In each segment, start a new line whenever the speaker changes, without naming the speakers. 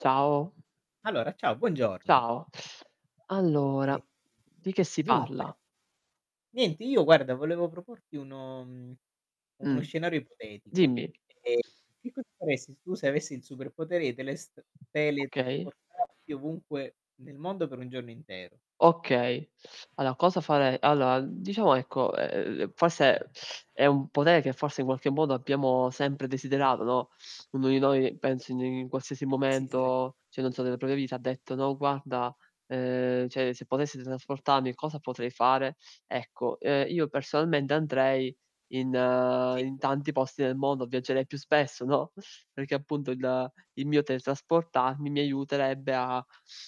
Ciao.
Allora, ciao, buongiorno.
Ciao. Allora,
Eh,
di che si
dunque,
parla?
niente io guarda volevo proporti uno uhm, uno
Mh,
scenario ipotetico.
dimmi.
Ehm, che cosa faresti tu se avessi il superpotere i telest
Okay.
teletrasportati ovunque nel mondo per 1 giorno intero?
Okay. Allora cosa farei Allora diciamo, ecco, ehm, forse è un potere che forse in qualche modo
[unintelligible]
abbiamo sempre desiderato, no, uno di noi penso in in qualsiasi
Sì, sare
momento, cioè, non so nella propria vita, ha detto: "No guarda", ehm, "cioè, se potessi teletrasportarmi cosa potrei fare?" Ecco, ehm, io personalmente andrei in
Sì.
in tanti posti del mondo, viaggerei più spesso, no, perché appunto il il mio teletrasportarmi mi aiuterebbe a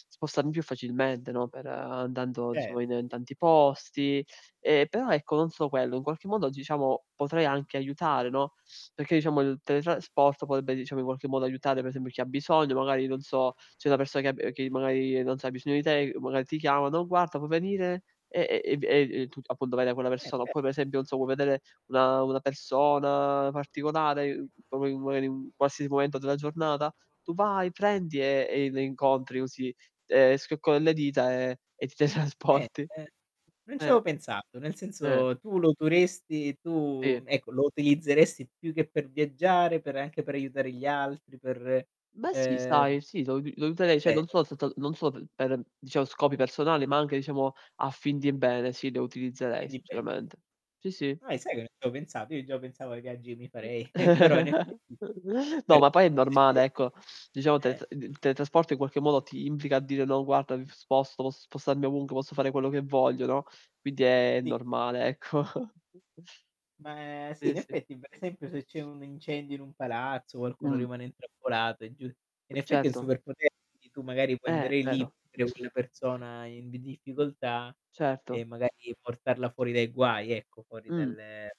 spostarmi più facilmente, no, per andando diciamo in
Certo.
in tanti posti. Ehm, però, ecco, non solo quello, in qualche modo diciamo potrei anche aiutare, no, perché diciamo il teletrasporto potrebbe diciamo in qualche modo aiutare per esempio chi ha bisogno, magari non so, c'è una persona che ha b che magari non sa ha bisogno di te, magari ti
[unintelligible]
chiama, "Non guarda, puoi venire" e e v e, uhm, tu appunto vai da quella
Vero, è
persona.
ve
Oppure,
[unintelligible]
per esempio non so puoi vedere una una persona particolare, proprio magari in un qualsiasi momento della giornata, tu vai, prendi e e le incontri così, ehm, schiocco delle dita e e ti
Eh,
teletrasporti.
ehm, con ci
Eh.
avevo pensato, nel
Eh.
senso tu lo utoresti tu,
Sì.
ecco, lo utilizzeresti più che per viaggiare, per anche per aiutare gli altri, per
Beh, sì,
ehm
sai, sì, lo uti lo
è
userei, cioè non
vero.
soltato non solo per diciamo scopi personali, ma anche diciamo a fin di bene, sì, le
A
utilizzerei
fin di bene.
sinceramente. Sì, sì.
Ah, e sai che non ci avevo pensato. Io già pensavo ai viaggi che mi farei. Però in effetti,
No,
per
ma poi è normale,
[unintelligible]
ecco. Diciamo teletr il teletrasporto in qualche modo ti implica a dire: "No guarda mi sposto, posso spostarmi ovunque, posso fare quello che voglio", no, quindi è
Sì.
normale, ecco.
Ma sì,
Sì,
in
sì.
effetti per esempio se c'è un incendio in un palazzo, qualcuno
Mh.
rimane intrappolato è giù in effetti il
Certo.
superpotere tu magari puoi
Eh,
andare lì
vero.
per aiutare quella persona in difficoltà
Certo.
e magari portarla fuori dai guai, ecco, fuori
Mh.
dalle